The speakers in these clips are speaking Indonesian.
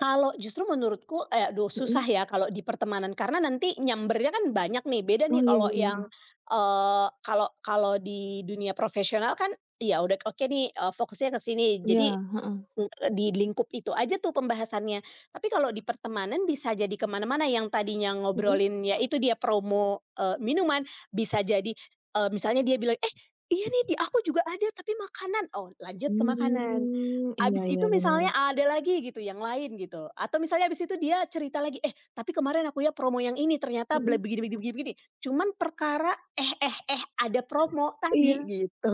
Kalau justru menurutku eh, aduh susah Mhm. ya kalau di pertemanan karena nanti nyambernya kan banyak nih, beda Oh, nih iya kalau iya iya. yang, eee, kalau kalau di dunia profesional kan, ya udah oke nih, eee, fokusnya ke sini. Iya, Jadi, heeh. e di lingkup itu aja tuh pembahasannya, tapi kalau di pertemanan bisa jadi kemana-mana yang tadinya Mhm. ngobrolin ya itu dia promo, eee, minuman, bisa jadi, e misalnya dia bilang, "Eh, iya nih di aku juga ada tapi makanan," oh lanjut ke makanan. Hmm, iya Habis itu iya, benar. misalnya ada lagi gitu yang lain gitu, atau misalnya habis itu dia cerita lagi, "Eh, tapi kemarin akunya promo yang ini ternyata ble Mhm. begini begini begini," cuman perkara eh eh eh ada promo Iya. tadi, gitu.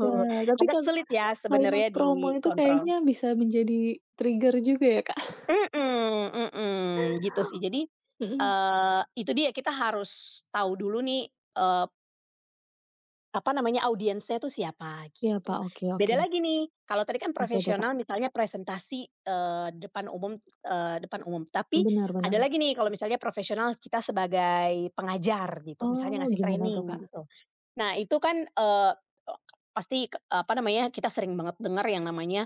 Wah, tapi Agak kan, sulit ya kalimat sebenarnya promo itu kayaknya dikontrol. bisa menjadi trigger juga ya, Kak. Mhm mhm, gitu sih jadi, Mhm. eee, itu dia kita harus tahu dulu nih, eee apa namanya, audiensnya tuh siapa, Iya, gitu. Kak, oke Beda oke. lagi nih, kalau tadi kan Apa itu, Kak? profesional misalnya presentasi, eee, depan umum, eee, depan umum. Tapi Benar ada benar. lagi nih kalau misalnya profesional kita sebagai pengajar gitu, misalnya Oh, ngasih gimana tuh, training, Kak? gitu. Nah, itu kan, eee, e pasti, e apa namanya, kita sering banget denger yang namanya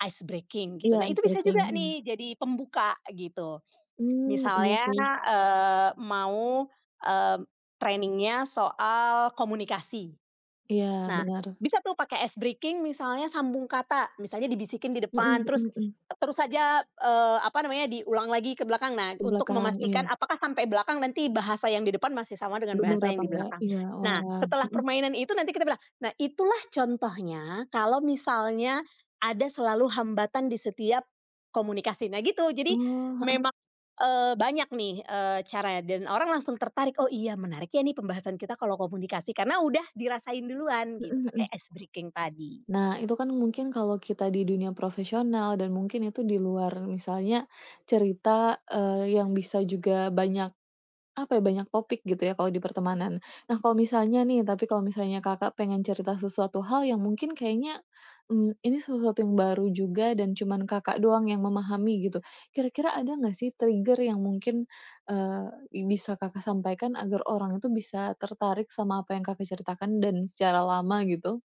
ice breaking, gitu. Iya, Nah, ice itu bisa breaking juga iya. nih jadi pembuka gitu Hmm, iya misalnya, sih. eee, mau, eee, training-nya soal komunikasi. Iya, Nah benar. bisa tuh pakai ice breaking misalnya sambung kata, misalnya dibisikin di Mhm depan, terus mhm mhm. terus saja, eee, apa namanya, diulang lagi ke belakang. Nah, Di untuk belakang, iya. memastikan apakah sampai belakang nanti bahasa yang di depan masih sama dengan Benar bahasa yang apa di enggak, belakang. iya, Nah, oalah, setelah mhm. permainan itu nanti kita bilang, "Nah, itulah contohnya kalau misalnya ada selalu hambatan di setiap komunikasi." Nah gitu jadi Oh, heeh. memang, eee, banyak nih, eee, caranya, dan orang langsung tertarik, "Oh iya menarik ya ini pembahasan kita kalau komunikasi," karena udah dirasain duluan Mhm gitu mhm. pakai ice breaking tadi. Nah itu kan mungkin kalau kita di dunia profesional dan mungkin itu di luar misalnya cerita, eee, yang bisa juga banyak, apa ya, banyak topik gitu ya kalau di pertemanan. Nah, kalau misalnya nih tapi kalau misalnya Kakak pengen cerita sesuatu hal yang mungkin kayaknya, mmm, ini sesuatu yang baru juga dan cuman Kakak, doang yang memahami gitu. Kira-kira ada gak sih trigger yang mungkin, eee, yang bisa Kakak sampaikan agar orang itu bisa tertarik sama apa yang Kakak ceritakan dan secara lama, gitu?